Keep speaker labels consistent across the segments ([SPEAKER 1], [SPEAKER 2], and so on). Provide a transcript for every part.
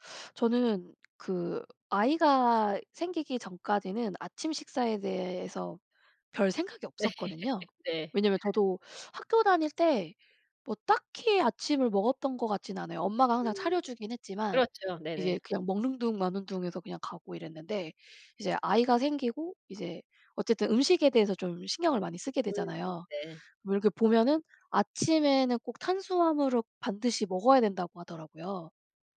[SPEAKER 1] 저는 그 아이가 생기기 전까지는 아침 식사에 대해서 별생각이
[SPEAKER 2] 네.
[SPEAKER 1] 없었거든요.
[SPEAKER 2] 네.
[SPEAKER 1] 왜냐하면 저도 학교 다닐 때 뭐 딱히 아침을 먹었던 것 같지는 않아요. 엄마가 항상 차려
[SPEAKER 2] 음.
[SPEAKER 1] 주긴 했지만
[SPEAKER 2] 그렇죠.
[SPEAKER 1] 이제
[SPEAKER 2] 네네.
[SPEAKER 1] 그냥 먹는 둥 마는 둥 해서 그냥 가고 이랬는데 이제 아이가 생기고 이제 어쨌든 음식에 대해서 좀 신경을 많이 쓰게
[SPEAKER 2] 음.
[SPEAKER 1] 되잖아요.
[SPEAKER 2] 네.
[SPEAKER 1] 뭐 이렇게 보면은 "아침에는 꼭 탄수화물을 반드시 먹어야 된다."고 하더라고요.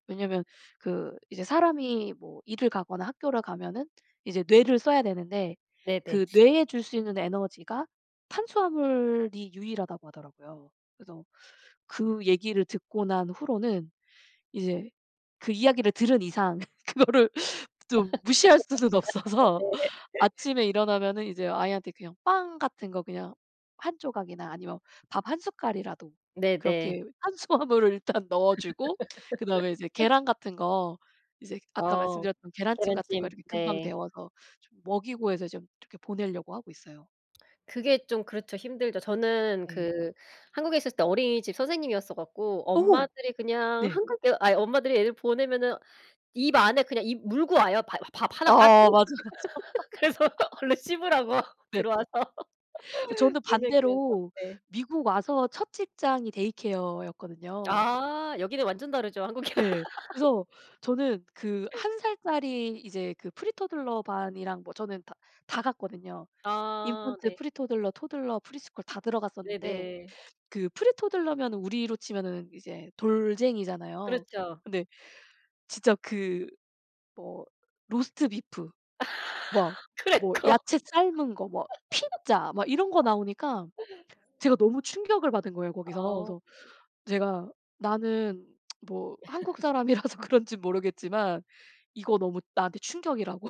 [SPEAKER 1] 왜냐하면 그 이제 사람이 뭐 일을 가거나 학교를 가면은 이제 뇌를 써야 되는데
[SPEAKER 2] 네네.
[SPEAKER 1] 그 "뇌에 줄 수 있는 에너지가 탄수화물이 유일하다."고 하더라고요. 그래서 그 얘기를 듣고 난 후로는 이제 그 이야기를 들은 이상 그거를 좀 무시할 수는 없어서
[SPEAKER 2] 네.
[SPEAKER 1] 아침에 일어나면은 이제 아이한테 그냥 빵 같은 거 그냥 1 조각이나 아니면 밥 1 숟갈이라도
[SPEAKER 2] 네네.
[SPEAKER 1] 그렇게 탄수화물을 일단 넣어주고 그다음에 이제 계란 같은 거 이제 아까
[SPEAKER 2] 어.
[SPEAKER 1] 말씀드렸던 계란찜 같은 거
[SPEAKER 2] 계란찜.
[SPEAKER 1] 이렇게 금방
[SPEAKER 2] 네.
[SPEAKER 1] 데워서 좀 먹이고 해서 좀 이렇게 보내려고 하고 있어요.
[SPEAKER 2] 그게 좀 그렇죠. 힘들죠. 저는
[SPEAKER 1] 네.
[SPEAKER 2] 그 한국에 있었을 때 어린이집 선생님이었어 갖고
[SPEAKER 1] 오!
[SPEAKER 2] 엄마들이 그냥
[SPEAKER 1] 네.
[SPEAKER 2] 한국에 아이 엄마들이 애를 보내면은 입 안에 그냥 입 물고 와요. 바 밥 하나 가득.
[SPEAKER 1] 아. 맞아, 맞아.
[SPEAKER 2] 그래서 얼른 씹으라고
[SPEAKER 1] 네.
[SPEAKER 2] 들어와서
[SPEAKER 1] 저는
[SPEAKER 2] 물 먹이면서.
[SPEAKER 1] 반대로
[SPEAKER 2] 네.
[SPEAKER 1] 미국 와서 첫 직장이 데이케어 였거든요.
[SPEAKER 2] 아. 여기는 완전 다르죠 한국이랑.
[SPEAKER 1] 예. 그래서 저는 그 1 살짜리 이제 그 프리토들러 반이랑 뭐 저는 다 다 갔거든요.
[SPEAKER 2] 아.
[SPEAKER 1] 인펀트,
[SPEAKER 2] 네.
[SPEAKER 1] 프리토들러, 토들러, 프리스쿨 다 들어갔었는데
[SPEAKER 2] 네네.
[SPEAKER 1] 그 프리토들러면 우리로 치면은 이제 돌쟁이잖아요.
[SPEAKER 2] 그렇죠.
[SPEAKER 1] 근데 진짜 그 뭐 로스트비프 막 뭐
[SPEAKER 2] 크래커.
[SPEAKER 1] 야채 삶은 거 뭐 피자 막 이런 거 나오니까 제가 너무 충격을 받은 거예요 거기서.
[SPEAKER 2] 아.
[SPEAKER 1] 그래서 제가 "나는 뭐 한국 사람이라서 그런지 모르겠지만 이거 너무 나한테 충격."이라고.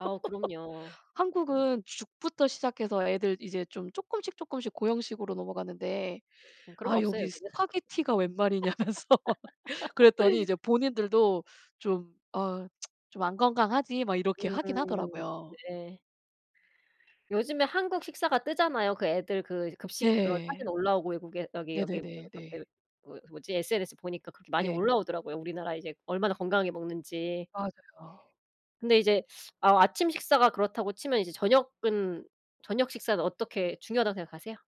[SPEAKER 2] 아우 그럼요. 그럼요.
[SPEAKER 1] "한국은 죽부터 시작해서 애들 이제 좀 쪼끔씩 쪼끔씩 고형식으로 넘어갔는데
[SPEAKER 2] 응 그런 거
[SPEAKER 1] 아
[SPEAKER 2] 없어요
[SPEAKER 1] 여기
[SPEAKER 2] 여기는.
[SPEAKER 1] 스파게티가 웬말이냐."면서 그랬더니 이제 본인들도 좀 "어 좀 안 건강하지." 막 이렇게 하긴
[SPEAKER 2] 음.
[SPEAKER 1] 하더라고요.
[SPEAKER 2] 네. 요즘에 한국 식사가 뜨잖아요. 그 애들 그 이제 급식 그런 사진
[SPEAKER 1] 네.
[SPEAKER 2] 올라오고 외국에 여기 여기 그
[SPEAKER 1] 네네네.
[SPEAKER 2] [unintelligible] 그
[SPEAKER 1] 네.
[SPEAKER 2] 그 뭐지? SNS 보니까 그렇게 많이
[SPEAKER 1] 네.
[SPEAKER 2] 올라오더라고요 우리나라 이제 얼마나 건강하게 먹는지.
[SPEAKER 1] 맞아요.
[SPEAKER 2] 근데 이제 아 아침 식사가 그렇다고 치면 이제 저녁은 저녁 식사는 어떻게 중요하다고 생각하세요?